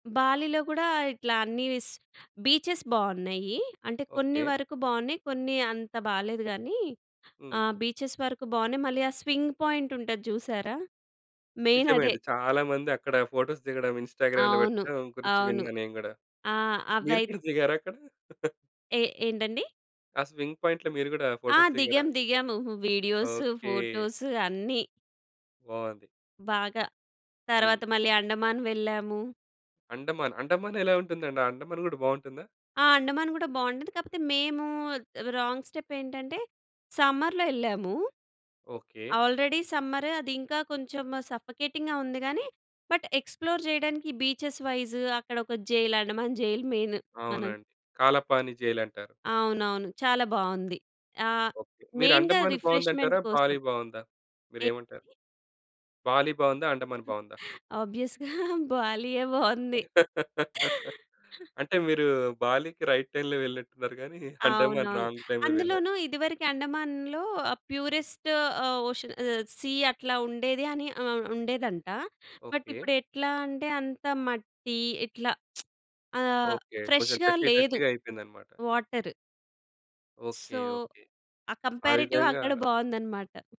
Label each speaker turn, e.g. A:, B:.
A: బాలీలో గూడా ఇట్లా అన్ని వీస్ బీచె‌స్ బావున్నాయి. అంటే, కొన్ని
B: ఓకే.
A: వరకు బావున్నాయి. కొన్ని అంత బాలేదు గానీ,
B: హ్మ్.
A: ఆహ్, బీచెస్ వరకు బావున్నాయి. మళ్ళీ ఆ స్వింగ్ పాయింట్ ఉంటది జూసారా? మెయిన్
B: నిజమే
A: అదే.
B: అండి. చాలా మంది అక్కడ ఫోటోస్ దిగడం, ఇన్‌స్టా‌గ్రామ్‌లో
A: అవును.
B: పెట్టడం గురించి
A: అవును.
B: విన్నాను నేను గూడా.
A: ఆ!
B: మీరు
A: అవై
B: కూడా దిగారక్కడ?
A: ఏ ఏంటండి?
B: ఆ స్వింగ్ పాయింట్‌‌లో మీరు గూడా
A: ఆ!
B: ఫోటోస్ దిగారా?
A: దిగాం. దిగాము. Videos,
B: okay.
A: ఫోటోసు అన్ని.
B: బావుంది.
A: బాగా.
B: హ్మ్.
A: తరువాత మళ్ళీ అండమాన్ వెళ్ళాము.
B: అండమాన్. అండమాన్ ఎలా ఉంటుందండి? అండమాన్ కూడా బావుంటుందా?
A: ఆ! అండమాన్ గూడా బావుంటుంది. కాకపోతే మేము రాంగ్ స్టెప్ ఏంటంటే, సమ్మర్‌లో ఎళ్ళాము.
B: ఓకే.
A: ఆల్రెడీ సమ్మర్ అది. ఇంకా కొంచెము సఫోకేటింగ్‌గా ఉంది గాని, బట్ ఎక్స్‌ప్లోర్ చేయడానికి బీచెస్ వైస్ అక్కడ ఒక జైల్, అండమాన్ జైల్ మెయిన్. మనం
B: అవునండి. కాలపాని జైలంటారు.
A: అవునవును. చాలా బావుంది. ఆహ్,
B: ఓకే. మీరు
A: మెయిన్‌గా
B: అండమాన్
A: రిఫ్రెష్‌మెంట్
B: బావుందంటారా?
A: కోసం.
B: బాలీ బావుందా? మీరేమంటారు?
A: ఏంటి?
B: బాలీ బావుందా? అండమాన్ బావుందా?
A: ఆబ్వియస్‌గా బాలీ‌యే బావుంది.
B: అంటే మీరు బాలికి రైట్ టైమ్‌లో వెళ్ళినట్టు ఉన్నారు గానీ, అండమాన్
A: అవునవును.
B: రాంగ్ టైమ్‌లో వెళ్లారు.
A: అందులోను ఇదివరకు అండమాన్‌లో ఆ ప్యూరెస్ట్ ఆహ్, ఓషన్ ఆహ్, సీ అట్లా ఉండేది అని ఆహ్, ఉండేదంట. But
B: okay.
A: ఇప్పుడు ఎట్లా అంటే, అంత మట్టి ఇట్లా ఆహ్,
B: ఓకే. కొంచెం
A: ఫ్రెష్‌గా
B: డర్టీ,
A: లేదు
B: డర్టీ‌గా అయిపోయిందన్నమాట.
A: Water.
B: Okay.
A: So,
B: okay.
A: Ah
B: ah
A: comparative
B: విధంగా
A: అక్కడ బావుందన్నమాట.